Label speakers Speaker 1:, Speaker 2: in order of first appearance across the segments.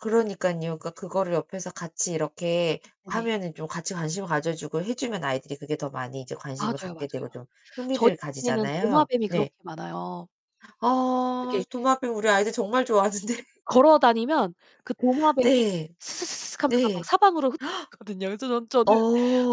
Speaker 1: 그러니깐요. 그니까
Speaker 2: 네.
Speaker 1: 그거를 옆에서 같이 이렇게
Speaker 2: 네네.
Speaker 1: 하면은 좀 같이 관심을 가져 주고 해 주면 아이들이 그게 더 많이 이제 관심을
Speaker 2: 맞아요,
Speaker 1: 갖게
Speaker 2: 맞아요.
Speaker 1: 되고 좀
Speaker 2: 저희
Speaker 1: 흥미를
Speaker 2: [unintelligible] 는
Speaker 1: 가지잖아요?
Speaker 2: 도마뱀이
Speaker 1: 네.
Speaker 2: 그렇게 많아요.
Speaker 1: 어
Speaker 2: 이렇게
Speaker 1: 도마뱀 우리 아이들 정말 좋아하는데.
Speaker 2: [unintelligible] 걸어 다니면 그 도마뱀이
Speaker 1: 네.
Speaker 2: 스스스스슥하면서 막
Speaker 1: 네.
Speaker 2: 사방으로 흩어지거든요. 그래서 전 저는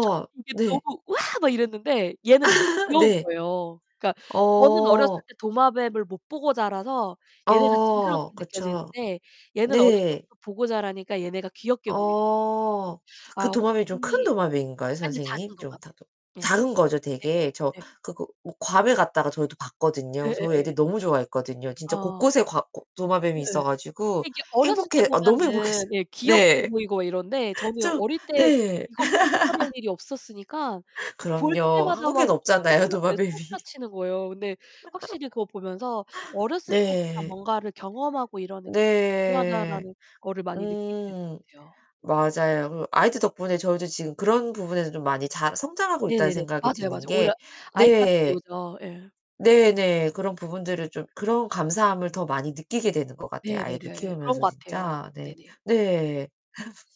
Speaker 2: 전 이게
Speaker 1: 네.
Speaker 2: 너무 "우와." 막 이랬는데 얘는 이게 귀여운
Speaker 1: 네.
Speaker 2: 거예요. 그니까 저는 어렸을
Speaker 1: 어.
Speaker 2: 때 도마뱀을 못 보고 자라서 얘네가
Speaker 1: 어
Speaker 2: 징그럽게
Speaker 1: 그쵸.
Speaker 2: 느껴지는데 얘는 어릴
Speaker 1: 네.
Speaker 2: 때부터 보고 자라니까 얘네가 귀엽게 보이
Speaker 1: 어.
Speaker 2: 아
Speaker 1: 그 도마뱀이 좀 큰
Speaker 2: 확실히
Speaker 1: 도마뱀인가요
Speaker 2: 아니요 작은
Speaker 1: 선생님? 좀
Speaker 2: 도마뱀.
Speaker 1: [unintelligible]
Speaker 2: 네.
Speaker 1: 작은 거죠
Speaker 2: 예예.
Speaker 1: 되게. 저
Speaker 2: 네.
Speaker 1: 그거 뭐 괌에 갔다가 저희도 봤거든요. 저희
Speaker 2: 예예예.
Speaker 1: 애들 너무 좋아했거든요. 진짜
Speaker 2: 아.
Speaker 1: 곳곳에 과 고 도마뱀이
Speaker 2: 네.
Speaker 1: 있어 가지고
Speaker 2: 이게 어렸을 때
Speaker 1: 행복해 아 너무
Speaker 2: 보면은
Speaker 1: 행복해했어요.
Speaker 2: 예 귀엽게
Speaker 1: 네.
Speaker 2: 보이고 막 이런데 저는
Speaker 1: 저
Speaker 2: 어릴 때
Speaker 1: 네.
Speaker 2: 이걸 보고 자랄 일이 없었으니까 그 볼
Speaker 1: 그럼요.
Speaker 2: 때마다 막
Speaker 1: 한국에는 없잖아요
Speaker 2: 소스라 네
Speaker 1: 도마뱀이.
Speaker 2: 소스라치는 거예요. 근데 확실히 그거 보면서 '어렸을 때부터
Speaker 1: 네.
Speaker 2: 뭔가를 경험하고 이러는 게
Speaker 1: 네.
Speaker 2: 중요하다.'라는 거를 많이 느끼게 되는 것
Speaker 1: 음.
Speaker 2: 같아요.
Speaker 1: 맞아요. 그 아이들 덕분에 저도 지금 그런 부분에서 좀 많이 잘 성장하고 있다는
Speaker 2: 네네네.
Speaker 1: 생각이
Speaker 2: 맞아요, 맞아요.
Speaker 1: 드는
Speaker 2: 오히려
Speaker 1: 게
Speaker 2: 아이들한테
Speaker 1: 네.
Speaker 2: 배우죠. 예.
Speaker 1: 네네. 그런 부분들을 좀 그런 감사함을 더 많이 느끼게 되는 것 같아요. 아이를
Speaker 2: 네네네. 그런
Speaker 1: 키우면서
Speaker 2: 것 같아요.
Speaker 1: 진짜. 네.
Speaker 2: 네네.
Speaker 1: 네.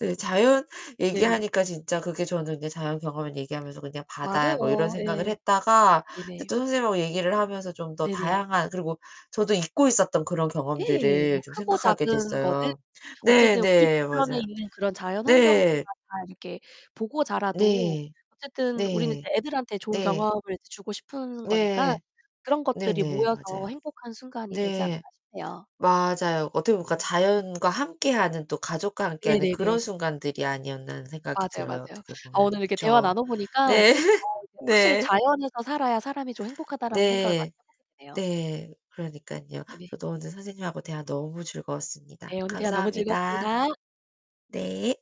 Speaker 1: 네 자연
Speaker 2: 네네네.
Speaker 1: 얘기하니까 진짜 그게 저는 네 자연 경험을 얘기하면서 그냥 바다 뭐 이런
Speaker 2: 맞아요.
Speaker 1: 생각을
Speaker 2: 예.
Speaker 1: 했다가
Speaker 2: 네네.
Speaker 1: 또 선생님하고 얘기를 하면서 좀 더
Speaker 2: 네네.
Speaker 1: 다양한 그리고 저도 잊고 있었던 그런
Speaker 2: 예.
Speaker 1: 경험들을
Speaker 2: 뭐
Speaker 1: 좀
Speaker 2: 크고
Speaker 1: 생각하게
Speaker 2: 작은 거는
Speaker 1: 됐어요. 네,
Speaker 2: 어쨌든 우리
Speaker 1: 네
Speaker 2: 주변에
Speaker 1: 맞아요.
Speaker 2: 있는 그런 자연환경들
Speaker 1: 네.
Speaker 2: 막 다 이렇게 보고 자라도
Speaker 1: 네.
Speaker 2: 어쨌든 우리는
Speaker 1: 네.
Speaker 2: 애들한테 좋은
Speaker 1: 네.
Speaker 2: 경험을 주고 싶은 거니까
Speaker 1: 네.
Speaker 2: 그런 것들이
Speaker 1: 네네.
Speaker 2: 모여서
Speaker 1: 맞아요.
Speaker 2: 행복한 순간이 되지 않나
Speaker 1: 네
Speaker 2: 싶네요.
Speaker 1: 맞아요. 어떻게 보면 그니까
Speaker 2: 네.
Speaker 1: '자연과 함께하는 또 가족과 함께하는
Speaker 2: 네네네.
Speaker 1: 그런 순간들이 아니었나.' 하는 생각이
Speaker 2: 맞아요,
Speaker 1: 들어요.
Speaker 2: 맞아요.
Speaker 1: 어떻게
Speaker 2: 아
Speaker 1: 보면은.
Speaker 2: 오늘 이렇게 대화를
Speaker 1: 그쵸?
Speaker 2: 나눠 보니까
Speaker 1: 네.
Speaker 2: 어 이게 '확실히
Speaker 1: 네.
Speaker 2: 자연에서 살아야 사람이 좀 행복하다.'라는 생각을 많이
Speaker 1: 네.
Speaker 2: [unintelligible] 네요.
Speaker 1: 네. 그러니깐요.
Speaker 2: 네네.
Speaker 1: 저도 오늘 선생님하고 대화 너무 즐거웠습니다.
Speaker 2: 네 오늘 대화 너무
Speaker 1: 감사합니다.
Speaker 2: 즐거웠습니다.
Speaker 1: 네.